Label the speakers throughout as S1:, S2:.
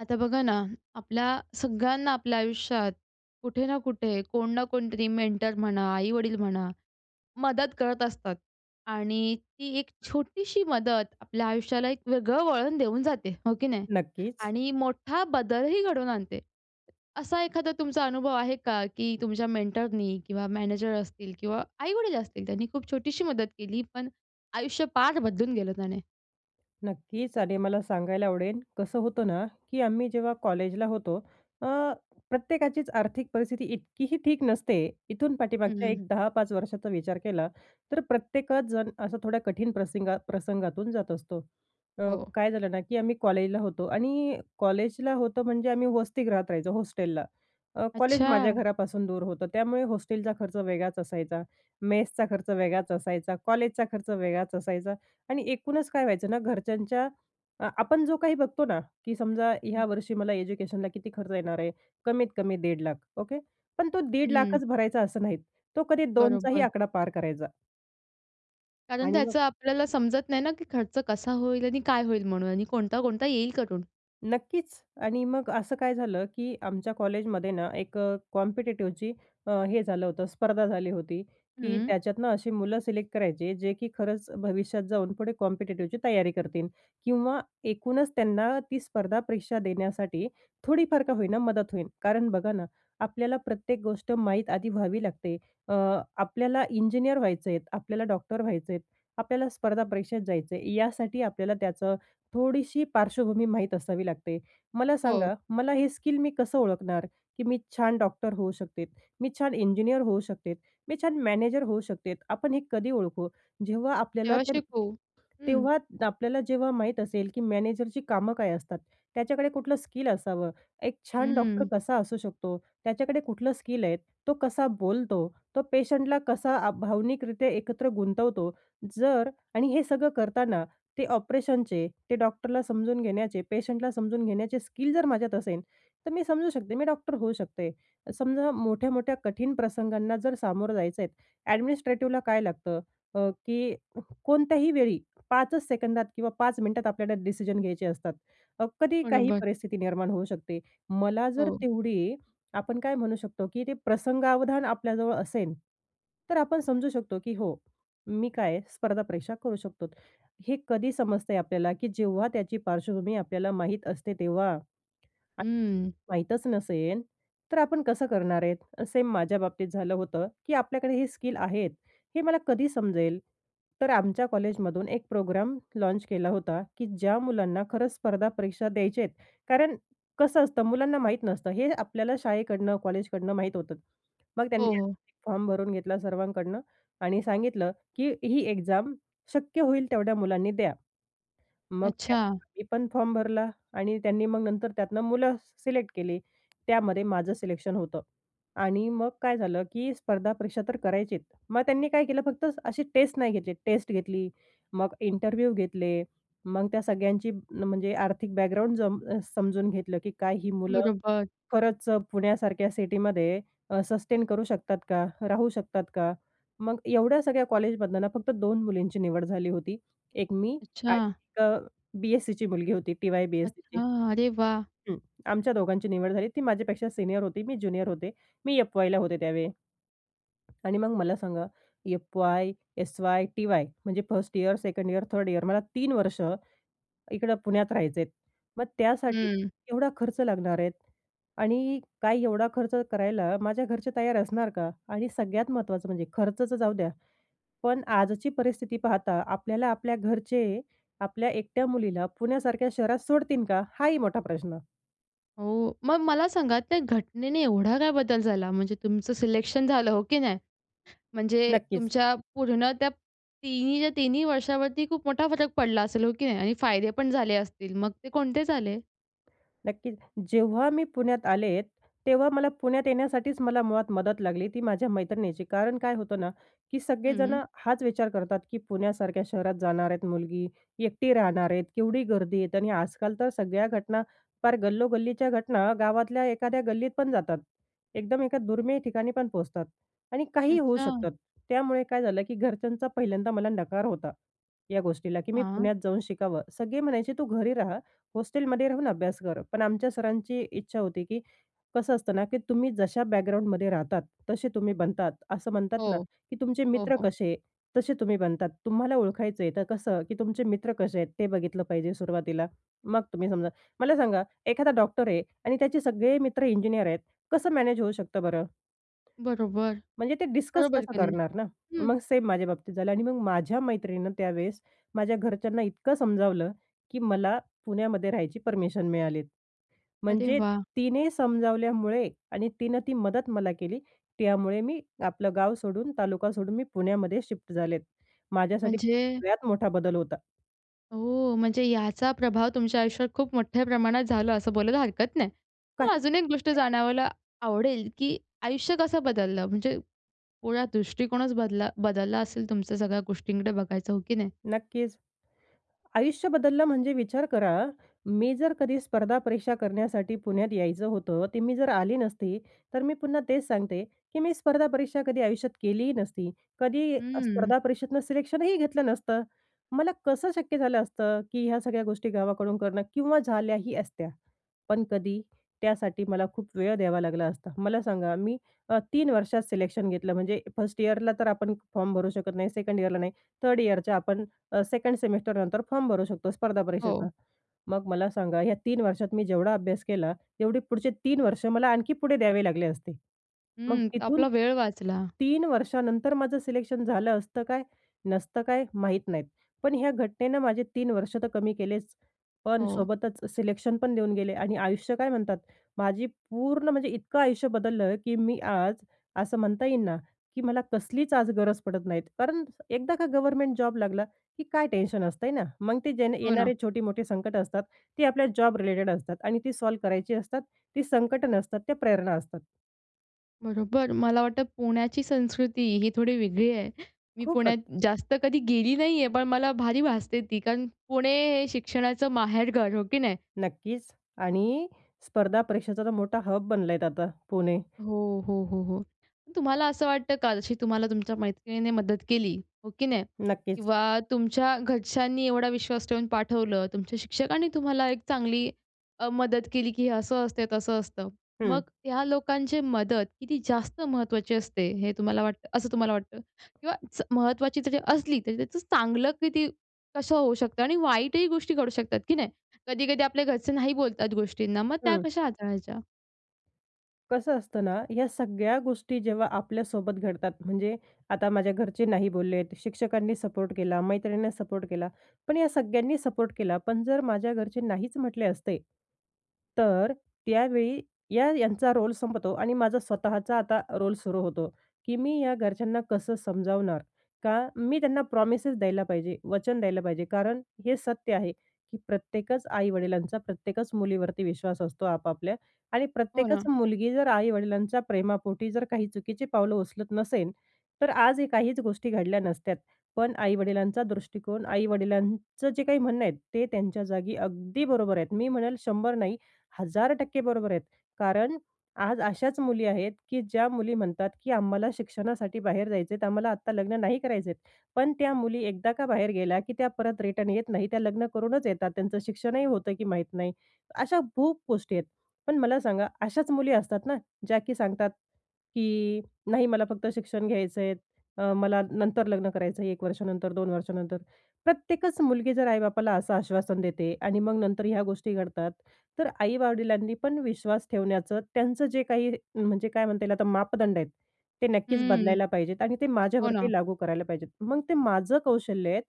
S1: आता बघा ना, आपल्या सगळ्यांना आपल्या आयुष्यात कुठे ना कुठे कोण ना कोणतरी मेंटर म्हणा, आई-वडील म्हणा, मदत करत असतात आणि ती एक छोटीशी मदत आपल्या आयुष्याला एक वेगळं वळण देऊन जाते, हो की नाही?
S2: नक्कीच.
S1: आणि मोठा बदलही घडवून आणते. असा एखादा तुमचा अनुभव आहे का, की तुमच्या मेंटरनी किंवा मॅनेजर असतील किंवा आई-वडील असतील, त्यांनी खूप छोटीशी मदत केली पण आयुष्य पार बदलून गेलं त्याने?
S2: नक्कीच आणि मला सांगायला आवडेल, कसं होतं ना, की आम्ही जेव्हा कॉलेजला होतो, अ, प्रत्येकाचीच आर्थिक परिस्थिती इतकीही ठीक नसते. इथून पाठीमागच्या
S1: हं.
S2: एक 10-5 वर्षाचा विचार केला तर प्रत्येकजण असा थोड्या कठीण प्रसिंगा प्रसंगातून जात असतो. अ,
S1: हो.
S2: काय झालं ना, की आम्ही कॉलेजला होतो आणि कॉलेजला होतो म्हणजे आम्ही वसतीगृहात राहायचो, हॉस्टेलला. अ, कॉलेज माझ्या
S1: अच्छा.
S2: घरापासून दूर होतं. त्यामुळे हॉस्टेलचा खर्च वेगळाच असायचा, मेसचा खर्च वेगळाच असायचा, कॉलेजचा खर्च वेगळाच असायचा आणि एकूणच काय व्हायचं ना, घरच्यांच्या अ, आपण जो काही बघतो ना, की समजा
S1: हं.
S2: ह्या वर्षी मला एज्युकेशनला किती खर्च येणार आहे? कमीत-कमी 1.5 लाख ओके. पण तो 1.5 लाख
S1: हं.
S2: चं भरायचा असं नाहीत. तो कधी 2 चाही
S1: बरोबर.
S2: आकडा पार करायचा.
S1: कारण,
S2: आणि
S1: त्याचं
S2: मग
S1: आपल्याला समजत नाही ना की खर्च कसा होईल. आणि काय होईल म्हणून आणि कोणता, कोणता येईल करून?
S2: नक्कीच. आणि मग असं काय झालं की आमच्या कॉलेजमध्ये ना एक कॉम्पिटेटिव्हची अ, हे झालं होतं स्पर्धा झाली होती. की
S1: हं.
S2: त्याच्यातुन अशी मुलं सिलेक्ट करायचे जे की खरंच भविष्यात जाऊन पुढे कॉम्पिटेटिव्हची तयारी करतील किंवा एकूणच त्यांना ती स्पर्धा परीक्षा देण्यासाठी थोडी फार का होईना मदत होईल. कारण, बघा ना आपल्याला प्रत्येक गोष्ट माहीत आधी व्हावी लागते अ, आपल्याला इंजिनिअर व्हायचं आहेत, आपल्याला डॉक्टर व्हायचं आहेत, आपल्याला स्पर्धा परीक्षेत जायचं आहे. यासाठी आपल्याला त्याचं थोडीशी पार्श्वभूमी माहीत असावी लागते. मला
S1: हो.
S2: सांगा मला हे स्किल मी कसं ओळखणार? की मी छान डॉक्टर होऊ शकते, मी छान इंजिनिअर होऊ शकते, मी छान मॅनेजर होऊ शकते? आपण हे कधी ओळखू? जेव्हा आपल्याला
S1: तेव्हा
S2: ते
S1: शिकू. हं.
S2: तेव्हा आपल्याला जेव्हा माहीत असेल की मॅनेजरची कामं काय असतात. त्याच्याकडे कुठलं स्किल असावं. एक छान डॉक्टर
S1: हं.
S2: कसा असू शकतो. त्याच्याकडे कुठलं स्किल आहे. तो कसा बोलतो, तो पेशंटला कसा आ, भावनिकरित्या एकत्र गुंतवतो? जर आणि हे सगळं करताना ते ऑपरेशनचे ते डॉक्टरला समजून घेण्याचे, पेशंटला समजून घेण्याचे स्किल जर माझ्यात असेन, तर मी समजू शकते मी डॉक्टर होऊ शकते. समजा मोठ्या-मोठ्या कठीण प्रसंगांना जर सामोरं जायचं आहेत ऍडमिनिस्ट्रेटिवला काय लागतं? अ, की कोणत्याही वेळी 5 च सेकंदात किंवा 5 मिनिटात आपल्याला डिसिजन घ्यायचे असतात. अ, कधी काही
S1: बरोबर.
S2: परिस्थिती निर्माण होऊ शकते. मला जर
S1: हो.
S2: तेवढी आपण काय म्हणू शकतो की ते प्रसंगावधान आपल्याजवळ असेन, तर आपण समजू शकतो, की "हो, मी काय आहे? स्पर्धा परीक्षा करू शकतो." हे कधी समजते आपल्याला की जेव्हा त्याची पार्श्वभूमी आपल्याला माहीत असते तेव्हा. आणि
S1: हं.
S2: माहीतच नसेन तर आपण कसं करणार आहे? सेम माझ्या बाबतीत झालं होतं की आपल्याकडे हे स्किल आहेत हे मला कधी समजेल? तर आमच्या कॉलेजमधून एक प्रोग्राम लॉन्च केला होता की ज्या मुलांना खरंच स्पर्धा परीक्षा द्यायचेत. कारण कसं असतं मुलांना माहीत नसतं हे आपल्याला शाळेकडनं, कॉलेजकडनं माहीत होतं. मग त्यांनी
S1: हो, हो.
S2: फॉर्म भरून घेतला सर्वांकडनं. आणि सांगितलं की "ही एक्झाम शक्य होईल तेवढ्या मुलांनी द्या." मग त्यात
S1: अच्छा.
S2: मी पण फॉर्म भरला. आणि त्यांनी मग नंतर त्यातनं मुलं सिलेक्ट केली. त्यामध्ये माझं सिलेक्शन होतं. आणि मग काय झालं की स्पर्धा परीक्षा तर करायचीच. मग त्यांनी काय केलं फक्त असे टेस्ट नाही घेतले, टेस्ट घेतली, मग इंटरव्ह्यू घेतले, मग त्या सगळ्यांची म्हणजे आर्थिक बॅकग्राऊंड जम अ, समजून घेतलं की काय ही मुलं
S1: बरोबर.
S2: खरंच पुण्यासारख्या सिटीमध्ये अ, सस्टेन करू शकतात का? राहू शकतात का? मग एवढ्या सगळ्या कॉलेजमधनना फक्त 2 मुलींची निवड झाली होती. एक मी आणि
S1: अच्छा.
S2: एक अ, बी-एस-सीची मुलगी होती टी-वाय-बी-एस-सीची.
S1: अच्छा. अरे वाह!
S2: हं. आमच्या दोघांची निवड झाली. ती माझ्यापेक्षा सीनियर होती, मी ज्युनियर होते, मी एफ-वायला होते त्यावेळी. आणि मग मला सांगा? FY, SY, TY. म्हणजे 1st year, 2nd year, 3rd year मला 3 वर्ष इकडं पुण्यात राहायचे आहेत. मग त्यासाठी
S1: हं.
S2: एवढा खर्च लागणार आहेत. आणि काय एवढा खर्च करायला माझ्या घरचे तयार असणार का? आणि सगळ्यात महत्त्वाचं म्हणजे खर्चाच जाऊ द्या. पण आजची परिस्थिती पाहता आपल्याला आपल्या घरचे आपल्या एकट्या मुलीला पुण्यासारख्या शहरात सोडतील का? हाही मोठा प्रश्न.
S1: हो. मग मला सांगा त्या घटनेने एवढा काय बदल झाला? म्हणजे तुमचं सिलेक्शन झालं, हो की नाही? म्हणजे
S2: नक्कीच.
S1: तुमच्या पूर्ण त्या तिन्हीच्या तिन्ही वर्षावरती खूप मोठा फरक पडला असेल, हो की नाही? आणि फायदे पण झाले असतील, मग ते कोणते झाले?
S2: नक्कीच. जेव्हा मी पुण्यात आले तेव्हा मला पुण्यात येण्यासाठीच मला मुळात मदत लागली ती माझ्या मैत्रिणीची. कारण काय होतं ना, की
S1: हं.
S2: सगळेजणं हाच विचार करतात, की पुण्यासारख्या शहरात जाणार आहेत मुलगी, एकटी राहणार आहेत, केवढी गर्दी आहे. आणि आजकाल तर सगळ्या घटना पार गल्लो-गल्लीच्या घटना गावातल्या एखाद्या गल्लीत पण जातात. एकदम एका दुर्मिळ ठिकाणी पण पोहचतात आणि काहीही होऊ
S1: अच्छा.
S2: शकतात. त्यामुळे काय झालं, की घरच्यांचा पहिल्यांदा मला नकार होता या गोष्टीला, की मी
S1: हां.
S2: पुण्यात जाऊन शिकावं. सगळे म्हणायचे तू घरी रहा. हॉस्टेलमध्ये राहून अभ्यास कर. पण आमच्या सरांची इच्छा होती, की कसं असतं ना, की तुम्ही जशा बॅकग्राउंडमध्ये राहतात, तसे तुम्ही बनतात. असं म्हणतात ना,
S1: हो.
S2: की तुमचे
S1: हो,
S2: मित्र
S1: हो.
S2: कसे, तसे तुम्ही बनतात तुम्हाला ओळखायचं आहे तर कसं, की तुमचे मित्र कसे आहेत? ते बघितलं पाहिजे सुरुवातीला. मग तुम्ही समजा मला सांगा एखादा डॉक्टर आहे आणि त्याचे सगळे मित्र इंजिनिअर आहेत कसं मॅनेज होऊ शकतं बरं?
S1: बरोबर.
S2: म्हणजे ते डिस्कस
S1: बरोबर
S2: तसं
S1: की नाही?
S2: करणार ना?
S1: हं.
S2: मग सेम माझ्या बाबतीत झालं आणि मग माझ्या मैत्रिणीनं त्यावेळेस माझ्या घरच्यांना इतकं समजावलं, की मला पुण्यामध्ये राहायची परमिशन मिळाली.
S1: अरे,
S2: म्हणजे
S1: वाह!
S2: तिने समजावल्यामुळे आणि तिनं ती मदत मला केली. त्यामुळे मी आपलं गाव सोडून, तालुका सोडून, मी पुण्यामध्ये शिफ्ट झालेत. माझ्यासाठी
S1: म्हणजे
S2: सगळ्यात मोठा बदल होता.
S1: ओ! म्हणजे याचा प्रभाव तुमच्या आयुष्यावर खूप मोठ्या प्रमाणात झालं असं बोलायला हरकत नाही. मला
S2: काहीच
S1: अजून एक
S2: हरकत
S1: गोष्ट
S2: नाही.
S1: जाणवायला आवडेल की आयुष्य कसं बदललं? म्हणजे पूर्ण दृष्टिकोनच बदला बदलला असेल तुमच्या सगळ्या गोष्टींकडे बघायचं हो की नाही?
S2: नक्कीच. आयुष्य बदललं म्हणजे विचार करा. मी जर कधी स्पर्धा परीक्षा करण्यासाठी पुण्यात यायचं होतं, ते मी जर आली नसती, तर मी पुन्हा तेच सांगते की मी स्पर्धा परीक्षा कधी आयुष्यात केलीही नसती. कधी
S1: हम्म.
S2: स्पर्धा परीक्षेतनं सिलेक्शनही घेतलं नसतं. मला कसं शक्य झालं असतं? की ह्या सगळ्या गोष्टी गावाकडून करणं किंवा झाल्याही असत्या. पण कधी, त्यासाठी मला खूप वेळ द्यावा लागला असता. मला सांगा मी अ, 3 वर्षात सिलेक्शन घेतलं. म्हणजे फर्स्ट इयरला तर आपण फॉर्म भरू शकत नाही, सेकंड इयरला नाही, थर्ड इयरच्या अ, आपण सेकंड सेमेस्टर नंतर फॉर्म भरू शकतो स्पर्धा परीक्षेचा.
S1: हो.
S2: मग मला सांगा, या 3 वर्षात मी जेवढा अभ्यास केला तेवढे पुढचे 3 वर्ष मला आणखी पुढे द्यावे लागले असते. मग
S1: हं.
S2: तिथून
S1: आपला वेळ वाचला.
S2: 3 वर्षानंतर माझं सिलेक्शन झालं असतं काय, नसतं काय, माहीत नाहीत. पण ह्या घटनेनं माझे 3 वर्ष तर कमी केलेच, पण
S1: हो.
S2: सोबतच सिलेक्शन पण देऊन गेले आणि आयुष्य काय म्हणतात? माझी पूर्ण म्हणजे इतकं आयुष्य बदललं की मी आज असं म्हणता येईन ना की मला कसलीच आज गरज पडत नाहीत. कारण एकदा का गव्हर्नमेंट जॉब लागला की काय टेन्शन असतंय ना. मग ते जे
S1: हो ना.
S2: येणारे छोटी-मोठे संकटं असतात ती आपल्या जॉब रिलेटेड असतात आणि ती सॉल्व्ह करायची असतात ती संकटं नसतात, त्या प्रेरणा असतात.
S1: बरोबर. मला वाटतं पुण्याची संस्कृती ही थोडी वेगळी आहे. मी पुण्यात
S2: खूपच.
S1: जास्त कधी गेली नाही आहे. पण मला भारी भासते ती, कारण पुणे हे शिक्षणाचं माहेरघर, हो की नाही?
S2: नक्कीच. आणि स्पर्धा परीक्षेचा तर मोठा हब बनलाय आहे आता पुणे.
S1: हो, हो, हो, हो. तुम्हाला असं वाटतं का जशी तुम्हाला तुमच्या मैत्रिणीने मदत केली हो की नाही?
S2: नक्कीच.
S1: किंवा तुमच्या घरच्यांनी एवढा विश्वास ठेवून पाठवलं तुमच्या शिक्षकांनी तुम्हाला एक चांगली अ, मदत केली, की हे असं असतं, तसं असतं. मग
S2: हं.
S1: ह्या लोकांचे मदत किती जास्त महत्त्वाची असते हे तुम्हाला वाटतं असं तुम्हाला वाटतं? किंवा च महत्त्वाची जरी असली, तरी त्याचं चांगलं किती कसं होऊ शकतं आणि वाईटही गोष्टी घडू शकतात, की नाही? कधी-कधी आपले घरचे नाही बोलतात गोष्टींना मग त्या
S2: हं.
S1: कशा हाताळायच्या?
S2: कसं असतं ना, या सगळ्या गोष्टी जेव्हा आपल्यासोबत घडतात, म्हणजे आता माझ्या घरचे नाही बोललेत. शिक्षकांनी सपोर्ट केला, मैत्रिणींना सपोर्ट केला. पण या सगळ्यांनी सपोर्ट केला. पण जर माझ्या घरचे नाहीच म्हटले असते, तर त्यावेळी या यांचा रोल संपतो आणि माझा स्वतःचा आता रोल सुरू होतो, की मी या घरच्यांना कसं समजावणार? का मी त्यांना प्रॉमिसेस द्यायला पाहिजे? वचन द्यायला पाहिजे. कारण हे सत्य आहे, की प्रत्येकच आई-वडिलांचा प्रत्येकच मुलीवरती विश्वास असतो आपापल्या आणि
S1: हो ना.
S2: प्रत्येकच मुलगी जर आई-वडिलांच्या प्रेमापोटी जर काही चुकीची पावलं उचलत नसेल, तर आजही काहीच गोष्टी घडल्या नसत्यात. पण आई-वडिलांचा दृष्टिकोन, आई-वडिलांचं जे काही म्हणणं आहेत, ते त्यांच्या जागी अगदी बरोबर आहेत. मी म्हणेल 100 नाही, 1,000% बरोबर आहेत कारण आज अशाच मुली आहेत, की ज्या मुली म्हणतात की आम्हाला शिक्षणासाठी बाहेर जायचे आहेत, आम्हाला आत्ता लग्न नाही करायचे आहेत. पण त्या मुली एकदा का बाहेर गेल्या, की त्या परत रिटर्न येत नाही, त्या लग्न करूनच येतात. त्यांचं शिक्षणही होतं की माहीत नाही. अशा खूप गोष्टी आहेत. पण मला सांगा, अशाच मुली असतात ना, ज्या की सांगतात, की नाही मला फक्त शिक्षण घ्यायचं आहे, अ, मला नंतर लग्न कर करायचं 1 वर्षानंतर, 2 वर्षानंतर. प्रत्येकच मुलगी जर आई-बापाला असं आश्वासन देते आणि मग नंतर ह्या गोष्टी घडतात. तर आई-वडिलांनी पण विश्वास ठेवण्याचं त्यांचं जे काही म्हणजे काय म्हणता येईल? आता मापदंड आहेत, ते नक्कीच
S1: हं.
S2: बदलायला पाहिजेत आणि ते
S1: हो ना.
S2: माझ्यावरती लागू करायला पाहिजेत. मग ते माझं कौशल्य आहे,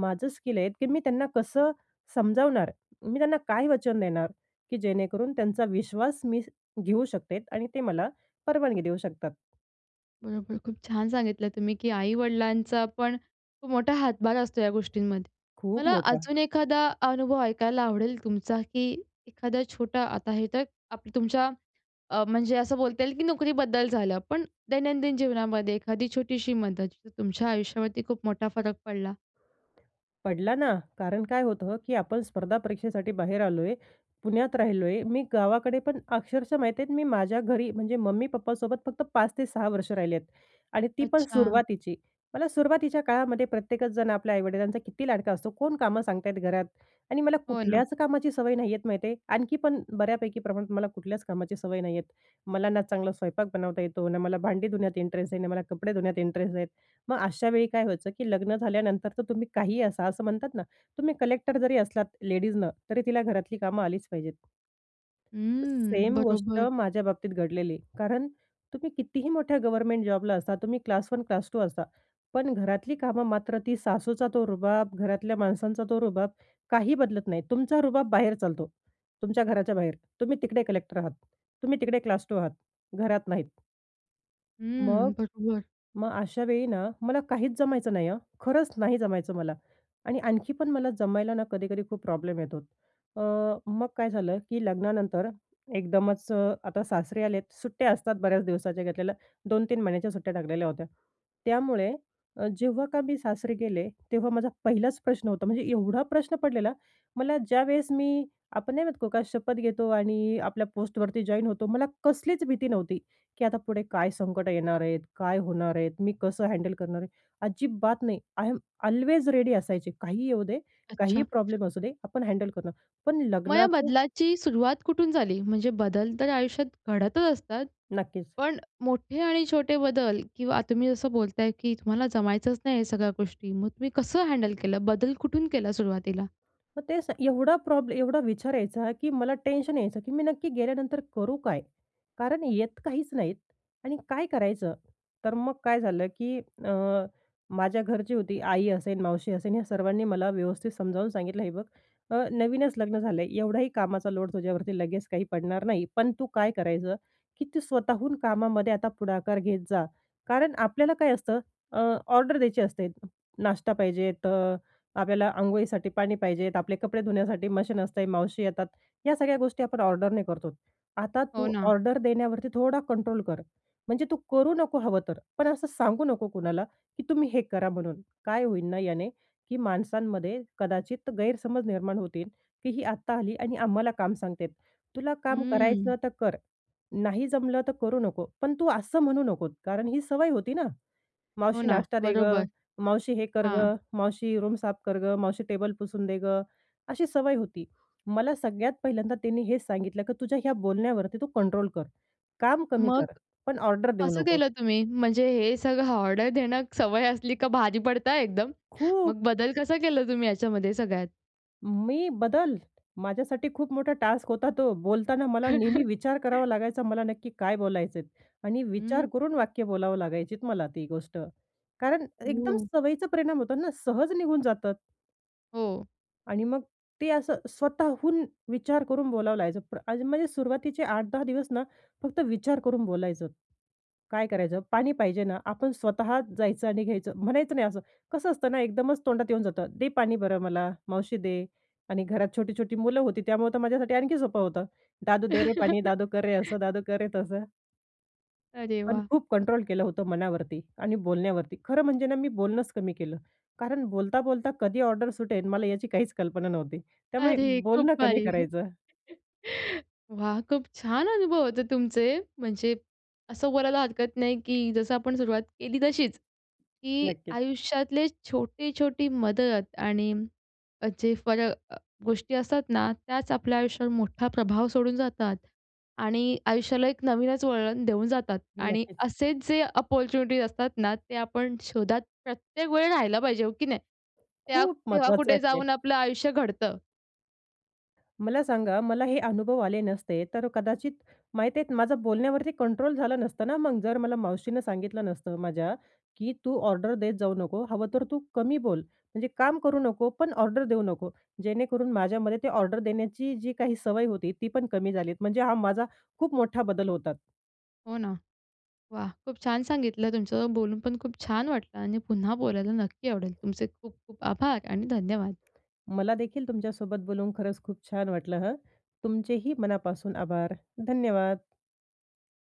S2: माझं स्किल आहे, की मी त्यांना कसं समजावणार? मी त्यांना काय वचन देणार? की जेणेकरून त्यांचा विश्वास मी श घेऊ शकते आणि ते मला परवानगी देऊ शकतात.
S1: बरोबर, खूप छान सांगितलं तुम्ही, की आई-वडिलांचा पण, खूप मोठा हातभार असतो या गोष्टींमध्ये.
S2: खूप
S1: मला
S2: मोठा.
S1: अजून एखादा अनुभव ऐकायला आवडेल तुमचा, की एखादा छोटा, आता हे तर, आपलं, तुमच्या अ, म्हणजे असं बोलता येईल की नोकरीबद्दल झालं. पण दैनंदिन जीवनामध्ये एखादी छोटीशी मदत, जिचा तुमच्या आयुष्यावरती खूप मोठा फरक पडला?
S2: पडला ना. कारण काय होतं, की आपण स्पर्धा परीक्षेसाठी बाहेर आलोय, पुण्यात राहिलोय. मी गावाकडे पण अक्षरशः माहिती आहे, मी माझ्या घरी म्हणजे मम्मी-पप्पासोबत फक्त 5 ते 6 वर्ष राहिले आहेत. आणि ती पण
S1: अच्छा.
S2: सुरुवातीची. मला सुरुवातीच्या काळामध्ये प्रत्येकच जण आपल्या आई-वडिलांचा किती लाडका असतो. कोण कामं सांगत आहेत घरात? आणि मला
S1: हो, ना.
S2: कुठल्याच कामाची सवय नाहीये माहिती आहे. आणखी पण बऱ्यापैकी प्रमाणात मला कुठल्याच कामाची सवय नाहीये. मला ना चांगला स्वयंपाक बनवता येतो, ना मला भांडी धुण्यात इंटरेस्ट आहे, ना मला कपडे धुण्यात इंटरेस्ट आहे. मग अशा वेळी काय व्हायचं, की लग्न झाल्यानंतर तर तुम्ही काहीही असा, असं म्हणतात ना, तुम्ही कलेक्टर जरी असलात लेडीजनं, तरी तिला घरातली कामं आलीच पाहिजेत.
S1: हं,
S2: सेम गोष्ट
S1: बरोबर.
S2: माझ्या बाबतीत घडलेली आहे. कारण, तुम्ही कितीही मोठ्या गव्हर्नमेंट जॉबला असा, तुम्ही क्लास 1 क्लास 2 असा, पण घरातली कामं मात्र ती सासूचा तो रुबाब, घरातल्या माणसांचा तो रुबाब, काही बदलत नाही. तुमचा रुबाब बाहेर चालतो. तुमच्या घराच्या बाहेर. तुम्ही तिकडे कलेक्टर आहात. तुम्ही तिकडे क्लास 2 आहात, घरात नाहीत. मग
S1: हं, बरोबर.
S2: मग अशावेळी ना मला काहीच जमायचं नाही हं, खरंच नाही जमायचं मला. आणि आणखी पण मला जमायला ना कधीकधी खूप प्रॉब्लेम येतो. अ, मग काय झालं, की लग्नानंतर, एकदमच अ, आता सासरे आलेत. सुट्ट्या असतात बऱ्याच दिवसांच्या घेतलेल्या, 2-3 महिन्यांच्या सुट्ट्या टाकलेल्या होत्या. त्यामुळे, अ, जेव्हा का मी सासरी गेले तेव्हा माझा पहिलाच प्रश्न होता, म्हणजे एवढा प्रश्न पडलेला मला ज्यावेळेस मी, आपण नाही म्हणत का, को का शपथ घेतो आणि आपल्या पोस्टवरती जॉइन होतो, मला कसलीच भीती नव्हती. की आता पुढे काय संकटं येणार आहेत, काय होणार आहेत, मी कसं हँडल करणार आहे? अजिबात नाही. आय एम ऑल्वेज रेडी असायची. काहीही येऊ दे, काहीही
S1: अच्छा.
S2: प्रॉब्लेम असू दे, आपण हँडल करू. पण
S1: मग या
S2: लग्नाच्या
S1: बदलाची सुरुवात कुठून झाली? म्हणजे बदल तर आयुष्यात घडतच असतात.
S2: नक्कीच.
S1: पण मोठे आणि छोटे बदल किंवा तुम्ही जसं बोलताय, की तुम्हाला जमायचंच नाही ह्या सगळ्या गोष्टी, मग तुम्ही कसं हँडल केलं? बदल कुठून केला सुरुवातीला?
S2: मग तेच आहे, एवढा प्रॉब्लेम एवढा विचार यायचा, की मला टेन्शन यायचं की मी नक्की गेल्यानंतर करू काय? कारण येत काहीच नाही. आणि काय करायचं? तर मग काय झालं, की अ, माझ्या घरची होती, आई असेन, मावशी असेन, या सर्वांनी मला व्यवस्थित समजावून सांगितलं, हे बघ, अ, नवीनच लग्न झालंय, एवढाही कामाचा लोड तुझ्यावरती लगेच काही पडणार नाही, पण तू काय करायचं, की तू स्वतःहून कामामध्ये आता पुढाकार घेत जा. कारण आपल्याला काय असतं, अ, ऑर्डर द्यायची असते. नाश्ता पाहिजे, अ, आपल्याला अंघोळीसाठी पाणी पाहिजे, आपले कपडे धुण्यासाठी मशीन असतेय, मावशी येतात. या सगळ्या गोष्टी आपण ऑर्डरने करतो. आता
S1: हो,
S2: तू
S1: ना.
S2: ऑर्डर देण्यावरती थोडा कंट्रोल कर. म्हणजे तू करू नको हवं तर, पण असं सांगू नको कुणाला, की तुम्ही हे करा म्हणून. काय होईल ना याने, की माणसांमध्ये कदाचित गैरसमज निर्माण होतील, की ही आत्ता आली आणि आम्हाला काम सांगते. तुला काम
S1: हं.
S2: करायचं तर कर, नाही जमलं तर करू नको, पण तू असं म्हणू नकोस. कारण ही सवय होती ना?
S1: हो
S2: "मावशी,
S1: ना,
S2: नाश्ता दे गं,
S1: बरोबर.
S2: मावशी हे कर
S1: हां.
S2: गं, मावशी रूम साफ कर गं, मावशी टेबल पुसून दे गं," अशी सवय होती. मला सगळ्यात पहिल्यांदा तिने हेच सांगितलं, की तुझ्या ह्या बोलण्यावरती तू कंट्रोल कर. काम कमी
S1: मग
S2: कर, पण ऑर्डर देऊ
S1: कसं
S2: नको.
S1: केलं तुम्ही? म्हणजे हे सगळं ऑर्डर देणं सवय असली, का भारी पडतं हा एकदम.
S2: खूप.
S1: मग बदल कसा केला तुम्ही याच्यामध्ये सगळ्यात?
S2: मी बदल? माझ्यासाठी खूप मोठा टास्क होता तो! बोलताना मला नेहमी विचार करावा लागायचा मला नक्की काय बोलायचे आहेत? आणि
S1: हं.
S2: विचार करून वाक्य बोलावं लागायचीत मला ती गोष्ट, कारण एकदम
S1: ओह!
S2: सवयीचं परिणाम होतात ना सहज निघून जातात.
S1: हो.
S2: आणि मग ते असं स्वतःहून विचार करून बोलावं लागायचं पण आधी म्हणजे सुरुवातीचे 8-10 दिवस ना फक्त विचार करून बोलायचं. काय करायचं पाणी पाहिजे ना आपण स्वतःच जायचं आणि घ्यायचं म्हणायचं नाही. असं कसं असतं ना एकदमच तोंडात येऊन जातं, "दे पाणी बरं मला, मावशी दे" आणि घरात छोटी-छोटी मुलं होती त्यामुळं तर माझ्यासाठी आणखी सोपं होतं. "दादू दे रे पाणी, दादू कर रे असं, दादू कर रे, तसं."
S1: अरे
S2: पण
S1: वाह!
S2: खूप कंट्रोल केलं होतं मनावरती आणि बोलण्यावरती. खरं म्हणजे ना मी बोलणंच कमी केलं. कारण बोलता-बोलता कधी ऑर्डर सुटेल मला याची काहीच कल्पना नव्हती. त्यामुळे
S1: अरे खूप
S2: बोलणं कमी
S1: भारी.
S2: करायचं.
S1: वाह! खूप छान अनुभव होते तुमचे. म्हणजे असं बोलायला हरकत नाही, की जसं आपण सुरुवात केली तशीच, की
S2: नक्कीच.
S1: आयुष्यातले छोटी-छोटी मदत आणि जे फर अ, गोष्टी असतात ना त्याच आपल्या आयुष्यावर मोठा प्रभाव सोडून जातात आणि आयुष्याला एक नवीनच वळण देऊन जातात. आणि
S2: नक्कीच.
S1: असेच जे अपॉर्च्युनिटीज असतात ना ते आपण शोधात प्रत्येक वेळी राहिला पाहिजे, हो की नाही? त्या
S2: खूप
S1: तेव्हा
S2: महत्वाचं आहे
S1: कुठे
S2: ते.
S1: जाऊन आपलं आयुष्य घडतं.
S2: मला सांगा मला हे अनुभव आले नसते तर कदाचित माहिती आहे, माझं बोलण्यावरती कंट्रोल झालं नसतं ना मग जर मला मावशीनं सांगितलं नसतं माझ्या, की "तू ऑर्डर देत जाऊ नको, हवं तर तू कमी बोल म्हणजे काम करू नको, पण ऑर्डर देऊ नको." जेणेकरून माझ्यामध्ये ते ऑर्डर देण्याची जी काही सवय होती, ती पण कमी झाली म्हणजे हा माझा खूप मोठा बदल होता.
S1: हो, ना. वाह! खूप छान सांगितलं. तुमच्यासोबत बोलून पण खूप छान वाटलं आणि पुन्हा बोलायला नक्की आवडेल. तुमचे खूप खूप आभार आणि धन्यवाद.
S2: मला देखील तुमच्यासोबत बोलून खरंच खूप छान वाटलं हं. तुमचेही मनापासून आभार. धन्यवाद.